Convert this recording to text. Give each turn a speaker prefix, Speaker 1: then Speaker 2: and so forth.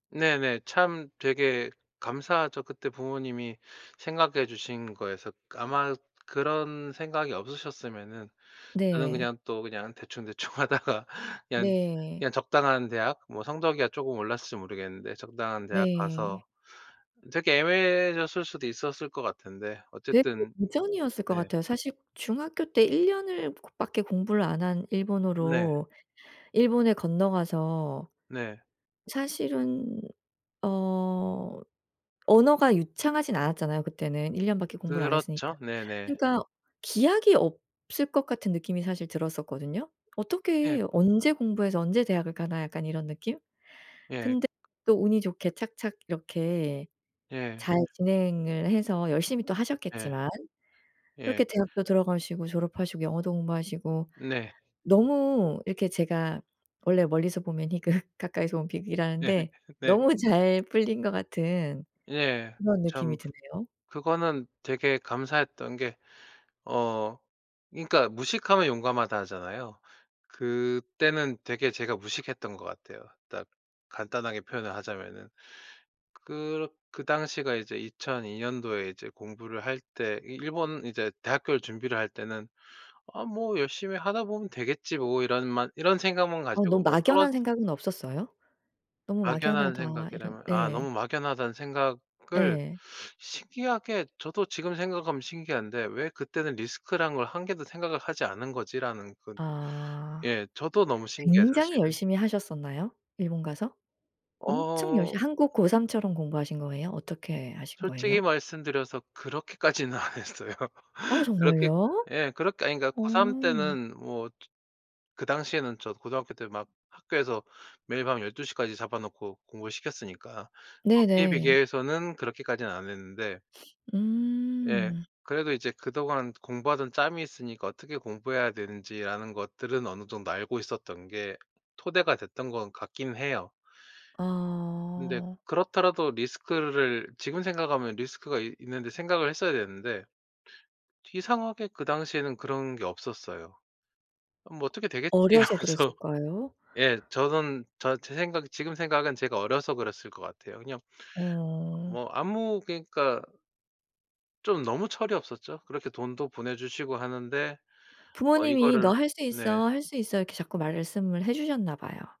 Speaker 1: 네네. 참 되게 감사하죠. 그때 부모님이 생각해 주신 거에서 아마 그런 생각이 없으셨으면은 저는
Speaker 2: 네.
Speaker 1: 그냥 또 그냥 대충 대충하다가 그냥,
Speaker 2: 네.
Speaker 1: 그냥 적당한 대학 뭐 성적이야 조금 올랐을지 모르겠는데 적당한 대학
Speaker 2: 네.
Speaker 1: 가서 되게 애매해졌을 수도 있었을 것 같은데
Speaker 2: 되게
Speaker 1: 어쨌든
Speaker 2: 도전이었을 것
Speaker 1: 네.
Speaker 2: 같아요. 사실 중학교 때 1 년을 밖에 공부를 안 한
Speaker 1: 네.
Speaker 2: 일본어로 일본에 건너가서
Speaker 1: 네.
Speaker 2: 사실은 어 언어가 유창하진 않았잖아요 그때는. 1 년 밖에 공부를 안 했으니까.
Speaker 1: 그렇죠. 네네.
Speaker 2: 그러니까 기약이 없을 것 같은 느낌이 사실 들었었거든요.
Speaker 1: 예.
Speaker 2: '어떻게, 언제 공부해서 언제 대학을 가나.' 약간 이런 느낌?
Speaker 1: 예.
Speaker 2: 근데 또 운이 좋게 착착 이렇게
Speaker 1: 예.
Speaker 2: 잘 진행을 해서 열심히 또
Speaker 1: 예.
Speaker 2: 하셨겠지만,
Speaker 1: 예.
Speaker 2: 그렇게 대학도 들어가시고 졸업하시고 영어도 공부하시고
Speaker 1: 네.
Speaker 2: 너무 이렇게 제가 원래 '멀리서 보면 희극 가까이서 온
Speaker 1: 예.
Speaker 2: 비극.'이라는데
Speaker 1: 네.
Speaker 2: 너무 잘 풀린 것 같은
Speaker 1: 예.
Speaker 2: 그런 느낌이
Speaker 1: 참
Speaker 2: 드네요.
Speaker 1: 그거는 되게 감사했던 게 어 그니까 "무식하면 용감하다." 하잖아요. 그때는 되게 제가 무식했던 것 같아요. 딱 간단하게 표현을 하자면은. 그렇 그 당시가 이제 2002 년도에 이제 공부를 할 때 이 일본 이제 대학교를 준비를 할 때는 '아 뭐 열심히 하다 보면 되겠지 뭐.' 이런 만 이런 생각만
Speaker 2: 어
Speaker 1: 가지고
Speaker 2: 너무
Speaker 1: 뭐 떨어
Speaker 2: 막연한 생각은 없었어요? '너무
Speaker 1: 막연한
Speaker 2: 막연하다.' 이런
Speaker 1: 생각이라면 아
Speaker 2: 예.
Speaker 1: '너무 막연하다.'는 생각을
Speaker 2: 예.
Speaker 1: 신기하게 저도 지금 생각하면 신기한데 '왜 그때는 리스크라는 걸 1 개도 생각을 하지 않은 거지?'라는 그
Speaker 2: 아.
Speaker 1: 예. 저도 너무 신기해요
Speaker 2: 굉장히
Speaker 1: 사실은.
Speaker 2: 열심히 하셨었나요? 일본 가서? 엄청
Speaker 1: 어.
Speaker 2: 열심 한국 고3 처럼 공부하신 거예요? 어떻게 하신
Speaker 1: 솔직히
Speaker 2: 거예요?
Speaker 1: 말씀드려서 그렇게까지는 안 했어요.
Speaker 2: 아
Speaker 1: 그렇게
Speaker 2: 정말요?
Speaker 1: 예. 그렇게 아니 그러니까 고3
Speaker 2: 어.
Speaker 1: 때는 뭐 즈 그 당시에는 저 고등학교 때 막 학교에서 매일 밤 12 시까지 잡아놓고 공부를 시켰으니까 거기에
Speaker 2: 네네.
Speaker 1: 비교해서는 그렇게까지는 안 했는데 예.
Speaker 2: 음.
Speaker 1: 그래도 이제 그동안 공부하던 짬이 있으니까 어떻게 공부해야 되는지라는 것들은 어느 정도 알고 있었던 게 토대가 됐던 것 같긴 해요. 근데
Speaker 2: 아.
Speaker 1: 그렇더라도 리스크를 지금 생각하면 리스크가 이 있는데 생각을 했어야 됐는데 이상하게 그 당시에는 그런 게 없었어요. '뭐 어떻게 되겠지.'
Speaker 2: 어려서
Speaker 1: 하면서
Speaker 2: 그랬을까요?
Speaker 1: 예. 저는 저 제 생각은 지금 생각은 제가 어려서 그랬을 것 같아요. 그냥
Speaker 2: 어.
Speaker 1: 뭐 아무 그러니까 좀 너무 철이 없었죠. 그렇게 돈도 보내주시고 하는데 어
Speaker 2: 부모님이 "너
Speaker 1: 이거를
Speaker 2: 할 수
Speaker 1: 네.
Speaker 2: 있어, 할 수 있어." 이렇게 자꾸 말씀을 해주셨나 봐요.